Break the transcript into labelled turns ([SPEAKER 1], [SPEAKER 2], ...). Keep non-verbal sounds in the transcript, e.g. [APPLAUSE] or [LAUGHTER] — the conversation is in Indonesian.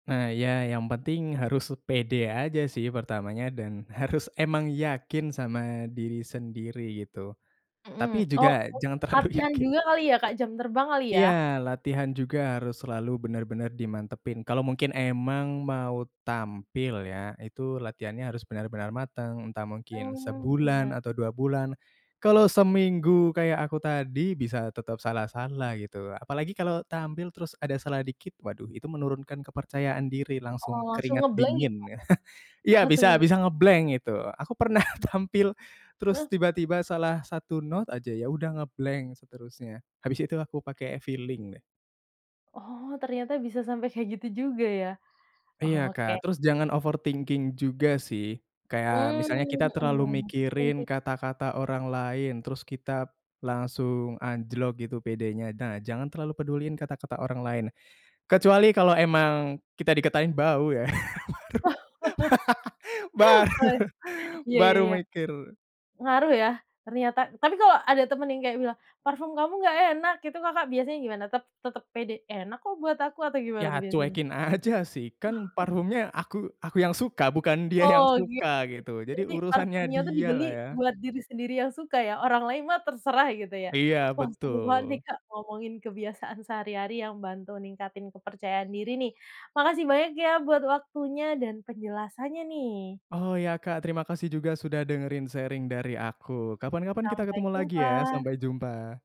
[SPEAKER 1] Nah, iya, yang penting harus pede aja sih pertamanya, dan harus emang yakin sama diri sendiri, gitu. Tapi
[SPEAKER 2] Mhm,
[SPEAKER 1] juga
[SPEAKER 2] oh, mungkin
[SPEAKER 1] jangan terlalu
[SPEAKER 2] latihan
[SPEAKER 1] yakin.
[SPEAKER 2] juga kali ya Kak, jam terbang, kali ya?
[SPEAKER 1] Iya, latihan juga harus selalu benar-benar dimantapin. Kalau mungkin emang mau tampil ya, itu latihannya harus benar-benar mateng, entah mungkin
[SPEAKER 2] Oh,
[SPEAKER 1] sebulan
[SPEAKER 2] iya.
[SPEAKER 1] atau 2 bulan. Kalau seminggu kayak aku tadi, bisa tetap salah-salah, gitu. Apalagi kalau tampil terus ada salahnya dikit, waduh, itu menurunkan kepercayaan diri,
[SPEAKER 2] Heeh,
[SPEAKER 1] langsung
[SPEAKER 2] langsung
[SPEAKER 1] keringat
[SPEAKER 2] nge-blank, ya, Kak?
[SPEAKER 1] dingin ya. [CHUCKLES] Iya,
[SPEAKER 2] Langsung
[SPEAKER 1] bisa
[SPEAKER 2] ngeb
[SPEAKER 1] bisa nge-blank itu. Aku pernah tampil, terus
[SPEAKER 2] Heeh.
[SPEAKER 1] tiba-tiba salah 1 not aja, ya udah nge-blank seterusnya, habis itu aku pakai feeling, nah.
[SPEAKER 2] Oh, ternyata bisa sampai kayak gitu juga, ya?
[SPEAKER 1] Iya,
[SPEAKER 2] Oke.
[SPEAKER 1] Kak. Terus jangan overthinking juga, sih. Kayak misalnya kita
[SPEAKER 2] Mmm,
[SPEAKER 1] terlalu
[SPEAKER 2] mhm. Penting sih,
[SPEAKER 1] mikirin
[SPEAKER 2] ya?
[SPEAKER 1] kata-kata orang lain, terus kita, langsung anjlok gitu pedenya. Nah, jangan terlalu peduliin kata-kata orang lain. Kecuali kalo emang kita dikatain bau, ya, [GIGGLES] baru,
[SPEAKER 2] [LAUGHS] Wah,
[SPEAKER 1] [LAUGHS]
[SPEAKER 2] iya, ya
[SPEAKER 1] baru baru
[SPEAKER 2] ya.
[SPEAKER 1] mikir.
[SPEAKER 2] Ngaruh ya, ternyata? Tapi kalau ada temen yang kayak bilang, "Parfum kamu nggak enak." gitu Kakak biasanya gimana? Tetap tetep pede, "Enak kok, buat aku." atau gimana tuh
[SPEAKER 1] Ya,
[SPEAKER 2] biasanya?
[SPEAKER 1] cuekin aja, sih. Kan
[SPEAKER 2] [CHUCKLES]
[SPEAKER 1] parfumnya aku aku yang suka, bukan dia yang
[SPEAKER 2] Oh, oke
[SPEAKER 1] suka,
[SPEAKER 2] oke.
[SPEAKER 1] gitu. Jadi,
[SPEAKER 2] Jadi,
[SPEAKER 1] urusannya
[SPEAKER 2] parfumnya tuh
[SPEAKER 1] dia
[SPEAKER 2] dibeli
[SPEAKER 1] lah ya.
[SPEAKER 2] buat diri sendiri yang suka, ya? Orang lain mah terserah, gitu ya?
[SPEAKER 1] Iya,
[SPEAKER 2] Wah seru banget nih
[SPEAKER 1] betul.
[SPEAKER 2] Kak, ngomongin kebiasaan sehari-hari yang bantu ningkatin kepercayaan diri, nih. Makasih banyak ya, buat waktunya, dan penjelasannya nih.
[SPEAKER 1] Oh, iya, Kak. Terima kasih juga sudah dengerin sharing dari aku. Kapan kapan kita
[SPEAKER 2] Sampai
[SPEAKER 1] ketemu lagi ya,
[SPEAKER 2] jumpa!
[SPEAKER 1] sampai jumpa!